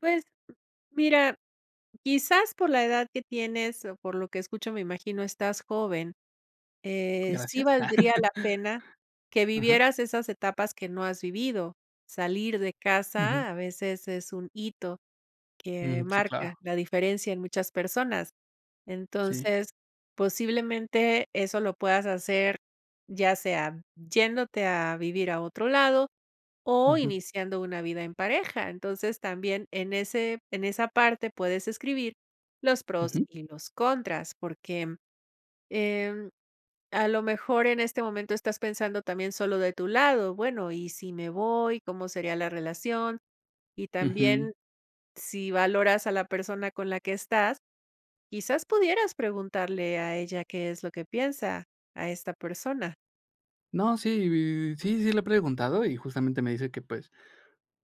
Pues, mira, quizás por la edad que tienes o por lo que escucho, me imagino, estás joven. Eh, sí Gracias. valdría la pena que Ajá. vivieras esas etapas que no has vivido. Salir de Ujú. casa a veces es un hito que Mm, sí, claro. marca la diferencia en muchas personas. Sí. Entonces posiblemente eso lo puedas hacer, ya sea yéndote a vivir a otro lado o Ujú. iniciando una vida en pareja. Entonces también en ese en esa parte puedes escribir los pros Ujú. y los contras. Porque, eh, a lo mejor, en este momento estás pensando también solo de tu lado, bueno, ¿y si me voy? ¿Cómo sería la relación? Y Ujú. también, si valoras a la persona con la que estás, quizás pudieras preguntarle a ella qué es lo que piensa, a esta persona. No, sí, sí, sí le he preguntado y justamente me dice que, pues,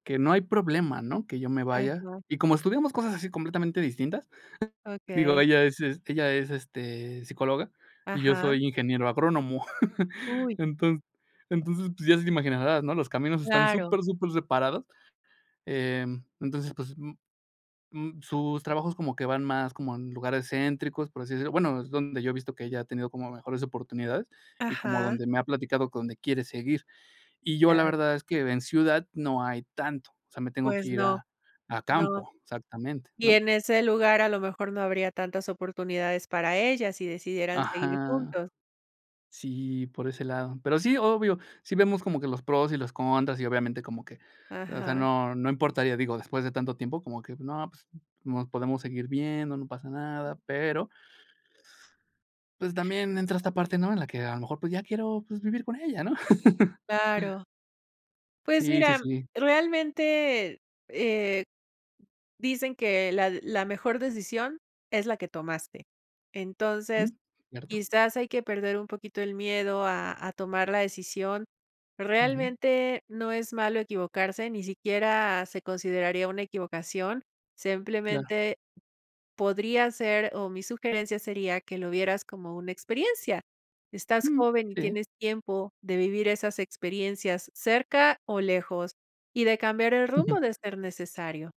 que no hay problema, ¿no? Que yo me Ay, vaya. no. Y como estudiamos cosas así completamente distintas, digo, Okey. ella es ella es, este, psicóloga y yo Ajá. soy ingeniero agrónomo. Uy. Enton entonces, pues, ya te imaginarás, ¿no? Los caminos están Claro. supersuper separados. Eh, entonces, pues sus trabajos como que van más como en lugares céntricos, por así decirlo, bueno, es donde yo he visto que ella ha tenido como mejores oportunidades y como Ajá. donde me ha platicado que donde quiere seguir. Y yo la [unintelligible] verdad, es que en ciudad no hay tanto, o sea, me tengo que Pues, ir no. a a No. campo, exactamente, Y ¿no? en ese lugar, a lo mejor, no habría tantas oportunidades para ella, si decidieran seguir Ajá juntos. sí, por ese lado. Pero sí, obvio, sí vemos como que los pros y los contras, y obviamente como que, o sea, Ajá. no no importaría, digo, después de tanto tiempo, como que no, pues, nos podemos seguir viendo, no pasa nada, pero pues, también entra esta parte, ¿no? En la que a lo mejor pues ya quiero, pues, vivir con ella, ¿no? Claro. Pues Sí sí mira, sí. realmente, eh-eh, dicen que la la mejor decisión es la que tomaste. Entonces, Ujú, cierto. quizás hay que perder un poquito el miedo a a tomar la decisión. Ujú. Realmente, no es malo equivocarse, ni siquiera se consideraría una equivocación, Claro. simplemente podría ser, o mi sugerencia sería que lo vieras como una experiencia. Estás Jum, joven y sí. tienes tiempo de vivir esas experiencias cerca o lejos, y de cambiar el rumbo de ser necesario.